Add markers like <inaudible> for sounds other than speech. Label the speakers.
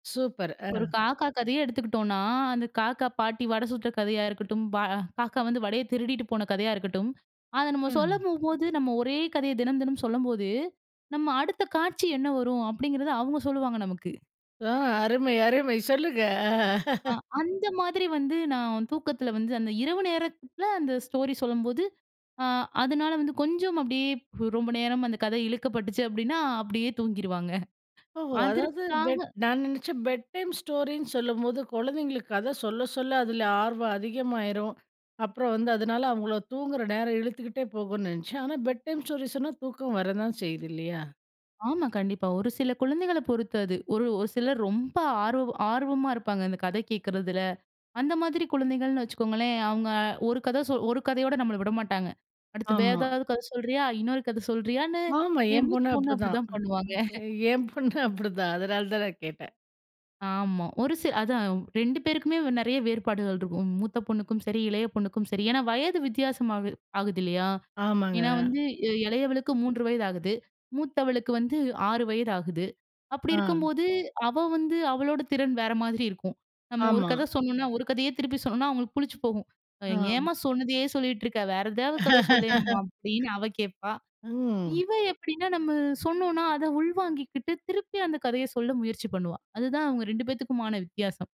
Speaker 1: Super!
Speaker 2: ஒரு
Speaker 1: ஆ.
Speaker 2: காக்கா கதையே எடுத்துக்குட்டோம்னா, அந்த காக்கா, பாட்டி வட சுட்ட கதையா இருக்கட்டும், பா ஆ காக்கா வந்து வடைய திருடிட்டு போன கதையா இருக்கட்டும். அத நம்ம சொல்ல
Speaker 1: ம்.
Speaker 2: போம்போது, நம்ம ஒரே கதைய தினம் தினம் சொல்லம்போது, நம்ம அடுத்த காட்சி என்ன வரும் அப்டிங்கிறத அவுங்க சொல்லுவாங்க, நமக்கு.
Speaker 1: ஆ. அருமை, அருமை சொல்லுங்க. அ
Speaker 2: ஆ
Speaker 1: <laughs>
Speaker 2: அந்த மாதிரி வந்து, நான் தூக்கத்தில வந்து அந்த இரவு நேரத்தில அந்த ஸ்டோரி சொல்லும்போது, அ அதனால வந்து கொஞ்சம் அப்டியே ரொம்ப நேரம் அந்த கதை இழுக்கப்பட்டுச்சு, அப்டின்னா. அப்டியே தூங்கிருவாங்க <chuckles>
Speaker 1: ஓஹோ! அதாவது
Speaker 2: அதற்க்காக
Speaker 1: பெட் நான் நெனச்சேன், பெட் டைம் ஸ்டோரின்னு சொல்லும்போது, குழந்தைங்களுக்கு கதை சொல்ல சொல்ல அதில ஆர்வம் அதிகமாயிரும். அப்புறம் வந்து அதனால அவங்களோட தூங்குற நேரம் இழுத்துக்கிட்டே போகும்னு நெனைச்சேன். ஆனா, பெட் டைம் ஸ்டோரி சொன்னா தூக்கம் வரதான் செய்யுது. இல்லையா?
Speaker 2: ஆமா. கண்டிப்பா. ஒரு சில குழந்தைகள பொறுத்து அது. ஒரு ஒரு சிலர் ரொம்ப ஆர்வம் ஆர்வமா இருப்பாங்க. இந்த கதை கேட்குறதில. அந்த மாதிரி குழந்தைகள்ன்னு வச்சுக்கோங்களேன். அவங்க அ ஒரு கதை சொ ஒரு கதையோட நம்மள விட மாட்டாங்க. "அடுத்து வேற
Speaker 1: ஆமா.
Speaker 2: ஏதாவது கதை சொல்றியா?" இன்னொரு கதை சொல்றியான்னு
Speaker 1: ஆமா.
Speaker 2: என்
Speaker 1: என்
Speaker 2: மூத்த
Speaker 1: பொண்ணு
Speaker 2: பொண்ணு
Speaker 1: அப்டிதான்
Speaker 2: அப்டிதான் பண்ணுவாங்க <chuckles>
Speaker 1: என் பொண்ணு அப்டித்தான். அதனால தான் நான் கேட்டேன்.
Speaker 2: ஆமா. ஒரு சில அதான் 2 பேருக்குமே நெறைய வேறுபாடுகள் இருக்கும். மூத்த பொண்ணுக்கும் சரி, இளைய பொண்ணுக்கும் சரி. ஏன்னா, வயது வித்தியாசம் ஆகுது ஆகுது இல்லையா? ஏன்னா
Speaker 1: ஆமாங்க.
Speaker 2: வந்து, இளையவளுக்கு 3 வயது ஆகுது. மூத்தவளுக்கு வந்து 6 வயது ஆகுது. அப்டி
Speaker 1: ஆ.
Speaker 2: இருக்கும்போது, அவ வந்து அவளோட திறன் வேற மாதிரி இருக்கும். நம்ம ஒரு
Speaker 1: ஆமா.
Speaker 2: கதை சொன்னோம்னா, ஒரு கதையே திருப்பி சொன்னோம்னா அவங்களுக்கு புளிச்சு போகும்.
Speaker 1: ஆ.
Speaker 2: "ஏம்மா சொன்னதையே சொல்லிட்டு இருக்க. வேற ஏதாவது கதை சொல்லேன்மா."
Speaker 1: <laughs>
Speaker 2: அப்டின்னு அவ கேட்பா.
Speaker 1: ம்.
Speaker 2: இவ எப்பிடின்னா, நம்ம சொன்னோம்ன்னா, அதை உள்வாங்கிக்கிட்டு, திருப்பி அந்த கதைய சொல்ல முயற்சி பண்ணுவா. அதுதான் அவுங்க 2 பேத்துக்குமான வித்தியாசம்.